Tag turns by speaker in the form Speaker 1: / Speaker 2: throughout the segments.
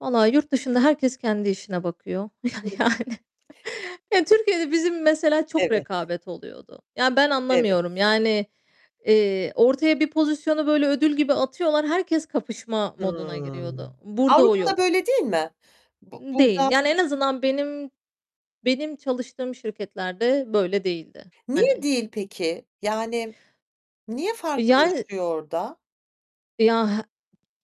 Speaker 1: Vallahi yurt dışında herkes kendi işine bakıyor ya
Speaker 2: Hımm.
Speaker 1: yani. Ya, Türkiye'de bizim mesela çok
Speaker 2: Evet.
Speaker 1: rekabet oluyordu. Yani, ben
Speaker 2: Evet.
Speaker 1: anlamıyorum. Yani, eee, ortaya bir pozisyonu böyle ödül gibi atıyorlar, herkes kapışma moduna giriyordu.
Speaker 2: Hımm.
Speaker 1: Burada o
Speaker 2: Avrupa'da
Speaker 1: yok.
Speaker 2: böyle değil mi? Bu
Speaker 1: Değil.
Speaker 2: burada
Speaker 1: Yani, en azından benim benim çalıştığım şirketlerde böyle değildi,
Speaker 2: Niye
Speaker 1: hani.
Speaker 2: değil peki? Yani, niye
Speaker 1: E, yani
Speaker 2: farklılaşıyor orada?
Speaker 1: E, ya he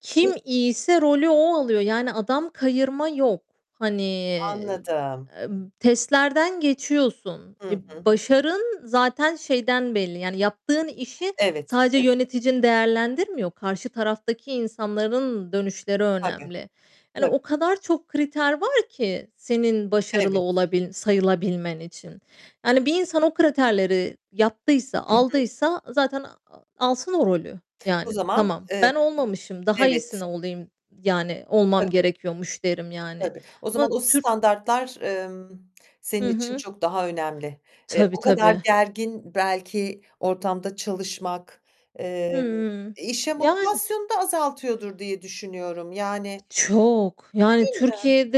Speaker 1: Kim iyiyse rolü o alıyor. Yani adam kayırma yok. Hani, eee,
Speaker 2: Anladım.
Speaker 1: em testlerden geçiyorsun.
Speaker 2: Hı
Speaker 1: E,
Speaker 2: hı.
Speaker 1: başarın zaten şeyden belli. Yani yaptığın işi
Speaker 2: Evet.
Speaker 1: sadece
Speaker 2: Evet.
Speaker 1: yöneticin değerlendirmiyor. Karşı taraftaki insanların dönüşleri
Speaker 2: Tabii,
Speaker 1: önemli. Yani
Speaker 2: tabii.
Speaker 1: o kadar çok kriter var ki senin başarılı
Speaker 2: Evet.
Speaker 1: olabil sayılabilmen için. Yani bir insan o kriterleri yaptıysa,
Speaker 2: Hı hı.
Speaker 1: aldıysa zaten a alsın o rolü.
Speaker 2: O
Speaker 1: Yani,
Speaker 2: zaman,
Speaker 1: tamam,
Speaker 2: eee,
Speaker 1: ben olmamışım, daha
Speaker 2: evet.
Speaker 1: iyisini olayım, yani olmam
Speaker 2: Tabii.
Speaker 1: gerekiyormuş derim, yani,
Speaker 2: Tabii. O zaman
Speaker 1: ama
Speaker 2: o
Speaker 1: Türk
Speaker 2: standartlar, emm, senin
Speaker 1: Hı
Speaker 2: için
Speaker 1: hı.
Speaker 2: çok daha önemli. Eee,
Speaker 1: Tabii,
Speaker 2: o kadar
Speaker 1: tabii.
Speaker 2: gergin belki ortamda çalışmak, eee,
Speaker 1: Hımm,
Speaker 2: işe
Speaker 1: yani.
Speaker 2: motivasyonu da azaltıyordur diye düşünüyorum. Yani,
Speaker 1: Çok. Yani,
Speaker 2: değil mi?
Speaker 1: Türkiye'de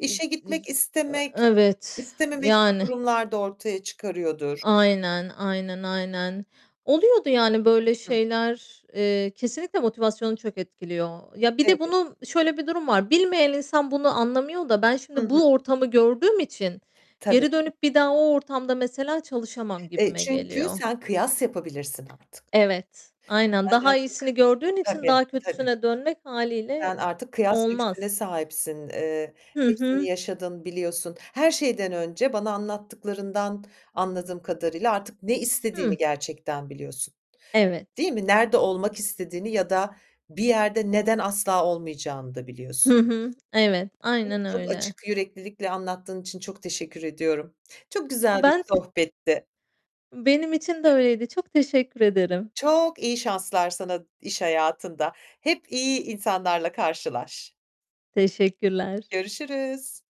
Speaker 1: ı dıj
Speaker 2: gitmek
Speaker 1: e
Speaker 2: istemek,
Speaker 1: evet.
Speaker 2: istememek gibi
Speaker 1: Yani.
Speaker 2: durumlar da ortaya çıkarıyordur.
Speaker 1: Aynen. Aynen, aynen. Oluyordu yani böyle
Speaker 2: Hı.
Speaker 1: şeyler, eee, kesinlikle motivasyonu çok etkiliyor. Ya, bir de
Speaker 2: Evet.
Speaker 1: bunun şöyle bir durum var, bilmeyen insan bunu anlamıyor da ben
Speaker 2: Hı
Speaker 1: şimdi
Speaker 2: hı.
Speaker 1: bu ortamı gördüğüm için
Speaker 2: Tabii.
Speaker 1: geri dönüp bir daha o ortamda mesela çalışamam
Speaker 2: E,
Speaker 1: gibime
Speaker 2: çünkü
Speaker 1: geliyor.
Speaker 2: sen kıyas yapabilirsin artık.
Speaker 1: Evet, aynen.
Speaker 2: Sen
Speaker 1: Daha
Speaker 2: artık
Speaker 1: iyisini gördüğün için
Speaker 2: Tabii
Speaker 1: daha
Speaker 2: tabii.
Speaker 1: kötüsüne dönmek hâliyle
Speaker 2: Sen artık kıyas
Speaker 1: olmaz.
Speaker 2: lüksüne sahipsin. Eee,
Speaker 1: Hı
Speaker 2: hepsini
Speaker 1: hı.
Speaker 2: yaşadın, biliyorsun. Her şeyden önce bana anlattıklarından anladığım kadarıyla artık ne istediğini
Speaker 1: Hı.
Speaker 2: gerçekten biliyorsun.
Speaker 1: Evet.
Speaker 2: Değil mi, nerede olmak istediğini ya da bir yerde neden asla olmayacağını da
Speaker 1: Hı
Speaker 2: biliyorsun.
Speaker 1: hı. Evet.
Speaker 2: Çok
Speaker 1: Aynen
Speaker 2: çok
Speaker 1: öyle.
Speaker 2: açık yüreklilikle anlattığın için çok teşekkür ediyorum. Çok güzel bir
Speaker 1: Ben te
Speaker 2: sohbetti.
Speaker 1: Benim için de öyleydi. Çok teşekkür ederim.
Speaker 2: Çok iyi şanslar sana iş hayatında. Hep iyi insanlarla karşılaş.
Speaker 1: Teşekkürler.
Speaker 2: Görüşürüz.